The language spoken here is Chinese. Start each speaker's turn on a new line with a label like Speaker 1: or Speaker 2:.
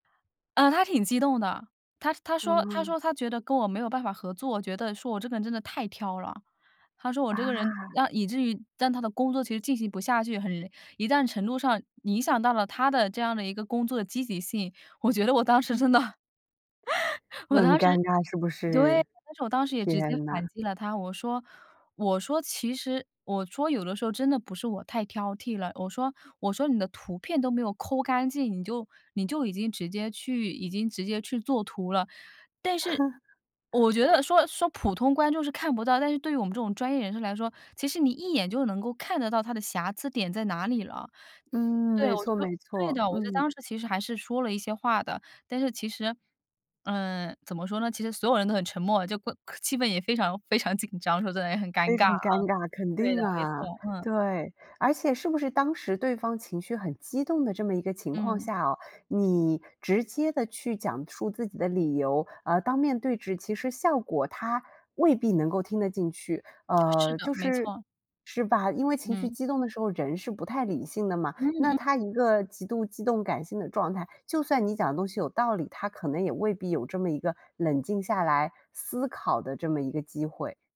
Speaker 1: 呃，她挺激动的，她她说她
Speaker 2: 哦。
Speaker 1: 说她觉得跟我没有办法合作，觉得说我这个人真的太挑了。她说我这个人，
Speaker 2: 啊。
Speaker 1: 让以至于让她的工作其实进行不下去，很一定程度上影响到了她的这样的一个工作的积极性。我觉得我当时
Speaker 2: 嗯。
Speaker 1: 真的，我
Speaker 2: 很
Speaker 1: 当
Speaker 2: 尴
Speaker 1: 时
Speaker 2: 尬是不
Speaker 1: 对，
Speaker 2: 是？
Speaker 1: 但是我当时也直接
Speaker 2: 天呐。
Speaker 1: 反击了她，我说我说其实我说有的时候真的不是我太挑剔了，我说我说你的图片都没有抠干净，你就你就已经直接去已经直接去做图了。但是 我觉得说说普通观众是看不到，但是对于我们这种专业人士来说，其实你一眼就能够看得到它的瑕疵点在哪里了。
Speaker 2: 嗯，
Speaker 1: 对，
Speaker 2: 没
Speaker 1: 我
Speaker 2: 错
Speaker 1: 说
Speaker 2: 没
Speaker 1: 对
Speaker 2: 错，
Speaker 1: 的，我就
Speaker 2: 嗯。
Speaker 1: 当时其实还是说了一些话的，但是其实，嗯，怎么说呢，其实所有人都很沉默，就怪气氛也非常非常紧张，说得也很尴
Speaker 2: 非
Speaker 1: 尬
Speaker 2: 常
Speaker 1: 啊。
Speaker 2: 尴尬，肯
Speaker 1: 对的，
Speaker 2: 定
Speaker 1: 没
Speaker 2: 啊，
Speaker 1: 错，嗯。
Speaker 2: 对，而且是不是当时对方情绪很激动的这么一个情况
Speaker 1: 嗯。
Speaker 2: 下哦，你直接地去讲述自己的理由，而当面对质其实效果她未必能够听得进去。
Speaker 1: 是
Speaker 2: 呃，
Speaker 1: 的，
Speaker 2: 就
Speaker 1: 没
Speaker 2: 是
Speaker 1: 错。
Speaker 2: 是吧，因为情绪
Speaker 1: 嗯。
Speaker 2: 激动的时候，人是不太理性的嘛，
Speaker 1: 嗯
Speaker 2: 那
Speaker 1: 嗯。
Speaker 2: 她一个极度激动感性的状态，就算你讲的东西有道理，她可能也未必有这么一个冷静下来思考的这么一个机会。